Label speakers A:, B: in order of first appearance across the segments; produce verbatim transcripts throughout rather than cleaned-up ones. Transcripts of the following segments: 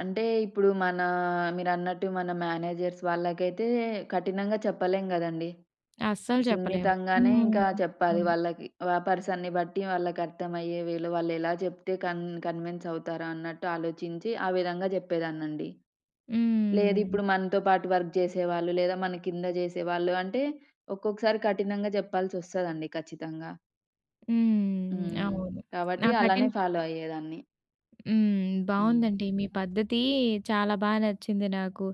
A: అంటే ఇప్పుడు, మన మీరన్నట్టు మన మేనేజర్స్ వాళ్ళకైతే కఠినంగా చెప్పలేం గదండీ.
B: అస్సలు చెప్పలేము.
A: సున్నితంగానే
B: హ్మ్.
A: ఇంకా చెప్పాలి
B: అవును.
A: వాళ్ళకి. ఆ పర్సన్‌ని బట్టి వాళ్ళకి అర్థమయ్యే వేలో వాళ్ళేలా చెప్తే కన్ కన్విన్స్ అవుతారు అన్నట్టు ఆలోచించి, ఆ విధంగా జెప్పేదాన్నండి. లేదు
B: హ్మ్.
A: ఇప్పుడు మనతో పాటు వర్క్ జెసేవాళ్ళు లేదా, మనకింద జెసేవాళ్ళు అంటే ఒక్కొక్కసారి కఠినంగా చెప్పాల్సొస్తదండి ఖచ్చితంగా.
B: హ్మ్.
A: హ్మ్.
B: అవును. నా
A: కాబట్టి, అలానే
B: కఠిన
A: ఫాలో అయ్యేదాన్ని.
B: హ్మ్.
A: హ్మ్.
B: బావుందండి. మీ పద్ధతి చాలా బా నచ్చింది నాకు.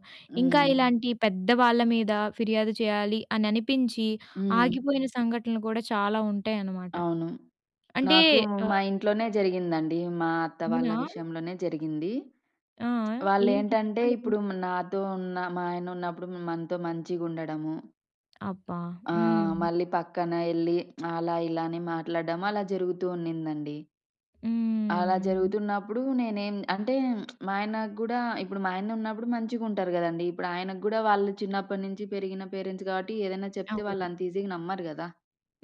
B: ఇంకా
A: హ్మ్.
B: ఇలాంటి పెద్దవాళ్ళ, మీద ఫిర్యాదు చేయాలి అని అనిపించి
A: హ్మ్.
B: ఆగిపోయిన సంఘటనలు కూడా చాలా ఉంటాయన్నమాట.
A: అవును.
B: అంటే
A: నాకు
B: ఆ!
A: మా ఇంట్లోనే జరిగిందండి. మా అత్త వాళ్ళ
B: అవునా?
A: విషయంలోనే జరిగింది.
B: ఆ! ఏంటి
A: వాళ్ళెంటంటే,
B: చెప్పండి
A: ఇప్పుడు
B: కొంచెం?
A: నాతో ఉన్న మా ఆయన ఉన్నప్పుడు మనతో మంచిగా ఉండడము.
B: అబ్బా!
A: ఆ!
B: హ్మ్.
A: మళ్ళీ పక్కన ఎళ్లి, అలా, ఇలా అని మాట్లాడడం అలా జరుగుతూ ఉన్నిదండి. అలా
B: హ్మ్.
A: జరుగుతున్నప్పుడు నేనేం అంటే మా ఆయన గూడా ఇప్పుడు మా ఆయనున్నప్పుడు మంచిగా ఉంటరు కదండీ. ఇప్పుడు ఆయనకి గూడా వాళ్ళు చిన్నప్పటినుంచి పెరిగిన పేరెంట్స్ గాబట్టి, ఏదైనా చెప్తే
B: అవును.
A: వాళ్ళంత ఈజీగా నమ్మరు గదా.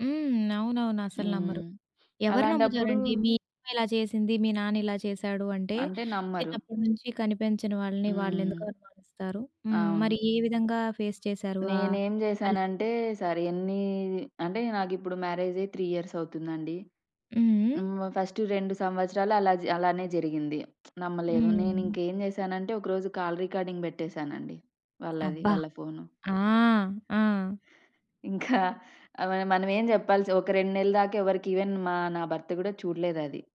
B: హ్మ్. అవునవును. అసలు నమ్మరు.
A: హ్మ్.
B: ఎవరు
A: అలాంటప్పుడు
B: నమ్ముతారండి? మీ అమ్మ ఇలా చేసింది, మీ నాన్న ఇలా చేసాడు అంటే,
A: అంటే నమ్మరు.
B: చిన్నప్పడినుంచి కనిపించని వాళ్ళని వాళ్ళెందుకు
A: హ్మ్.
B: అనుమానిస్తారు? హ్మ్. మరి
A: అవును.
B: ఏ విధంగా ఫేస్ చేసారు? ఆ పరిస్
A: నేనేంజెసానంటే, సరేన్ని అంటే నాకిప్పుడు మ్యారేజై త్రీ ఇయర్స్ అవుతుందండి.
B: హుహు.
A: హ్మ్. ఫస్ట్ రెండు సంవత్సరాలు అలా అలానే జరిగింది. నమ్మలేదు.
B: హ్మ్.
A: నేనింకెంజెసానంటే, ఒకరోజు కాల్ రికార్డింగ్ బెట్టేసానండి. వాళ్ళది.
B: అబ్బా!
A: వాళ్ళ ఫోను.
B: ఆ! ఆ!
A: ఇంకా ఆహ్, మనమేం చెప్పాల్సి ఒక రెండు నెళ్ళ దాకా ఎవరికి ఇవెన్ మా నా భర్త గూడా చూడలేదు అది.